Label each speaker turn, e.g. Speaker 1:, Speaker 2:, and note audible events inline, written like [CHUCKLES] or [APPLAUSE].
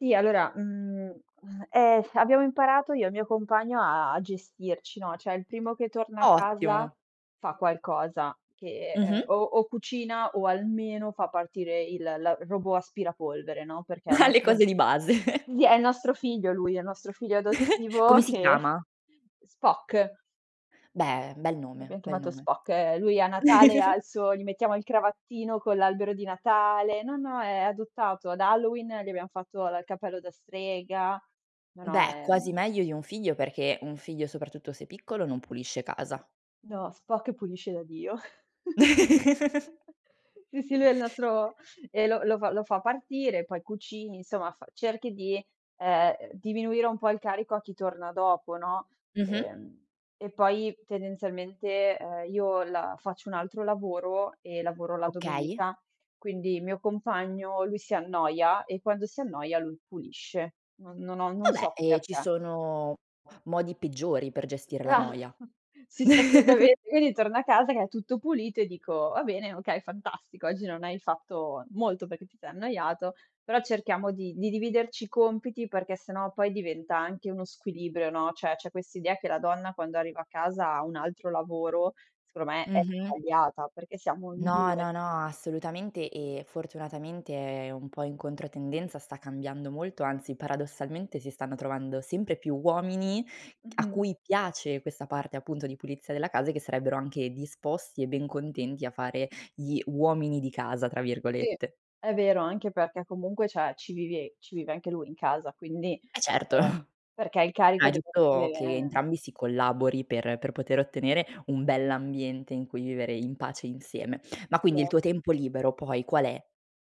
Speaker 1: Sì, allora, mhmm, ehm, abbiamo imparato io e il mio compagno a a gestirci, no, cioè il primo che torna a casa
Speaker 2: Ottimo.
Speaker 1: fa qualcosa che ehm,
Speaker 2: Mh-mh.
Speaker 1: o o cucina o almeno fa partire il l robot aspirapolvere, no, perché è il
Speaker 2: [CHUCKLES] Le
Speaker 1: nostro
Speaker 2: cose di base. [CHUCKLES]
Speaker 1: sì, è il nostro figlio lui è il nostro figlio
Speaker 2: [CHUCKLES]
Speaker 1: adottivo
Speaker 2: Come si
Speaker 1: che
Speaker 2: chiama?
Speaker 1: [CHUCKLES] Spock.
Speaker 2: Beh, bel nome,
Speaker 1: L'abbiam
Speaker 2: bel
Speaker 1: chiamato
Speaker 2: nome.
Speaker 1: Spock. Eh, lui a Natale ha
Speaker 2: [CHUCKLES]
Speaker 1: il suo gli mettiamo il cravattino con l'albero di Natale, no, no, è adottato. Ad Halloween, gli abbiam fatto la il cappello da strega. No, no,
Speaker 2: Beh,
Speaker 1: è,
Speaker 2: quasi
Speaker 1: mhmm
Speaker 2: meglio di un figlio perché un figlio, soprattutto se piccolo, non pulisce casa.
Speaker 1: No, Spock pulisce da Dio. [CHUCKLES]
Speaker 2: [CHUCKLES]
Speaker 1: Sì, sì, lui è il nostro ehm, lo lo lo fa partire, poi cucini, insomma f cerchi di, ehm, diminuire un po' il carico a chi torna dopo, no?
Speaker 2: Mh-mh.
Speaker 1: Ehm, e poi, tendenzialmente, uhm, io la faccio un altro lavoro e lavoro la
Speaker 2: Okay.
Speaker 1: domenica, quindi il mio compagno, lui, si annoia e quando si annoia, lui pulisce. Non non ho non
Speaker 2: Vabbè,
Speaker 1: so
Speaker 2: ehm, ci
Speaker 1: perché.
Speaker 2: sono modi peggiori per gestire la
Speaker 1: Ah
Speaker 2: noia.
Speaker 1: [CHUCKLES] Sì, sì, assolutamen
Speaker 2: [CHUCKLES]
Speaker 1: quindi torno a casa che è tutto pulito e dico: "Va bene, okay, fantastico. Oggi non hai fatto molto perché ti sei annoiato, però cerchiamo di di dividerci i compiti perché sennò poi diventa anche uno squilibrio, no?", cioè c'è quest'idea che la donna quando arriva a casa ha un altro lavoro, secondo me, è
Speaker 2: Mh-mh.
Speaker 1: sbagliata, perché siamo in
Speaker 2: No,
Speaker 1: 2.
Speaker 2: no, no, assolutamente e fortunatamente è un po' in controtendenza, sta cambiando molto, anzi paradossalmente si stanno trovando sempre più uomini a
Speaker 1: Mh-mh.
Speaker 2: cui piace questa parte appunto di pulizia della casa e che sarebbero anche disposti e ben contenti a fare gli "uomini di casa" tra
Speaker 1: Sì,
Speaker 2: virgolette.
Speaker 1: è vero, anche perché comunque cioè ci vivi ci vive anche lui in casa, quindi
Speaker 2: Eh, certo,
Speaker 1: ehm,
Speaker 2: [CHUCKLES]
Speaker 1: perché il
Speaker 2: ma è
Speaker 1: carico
Speaker 2: giusto che
Speaker 1: dev'essere
Speaker 2: entrambi si collabori per per poter ottenere un bell'ambiente in cui vivere in pace insieme. Ma quindi il
Speaker 1: Esa
Speaker 2: tuo tempo libero poi qual è?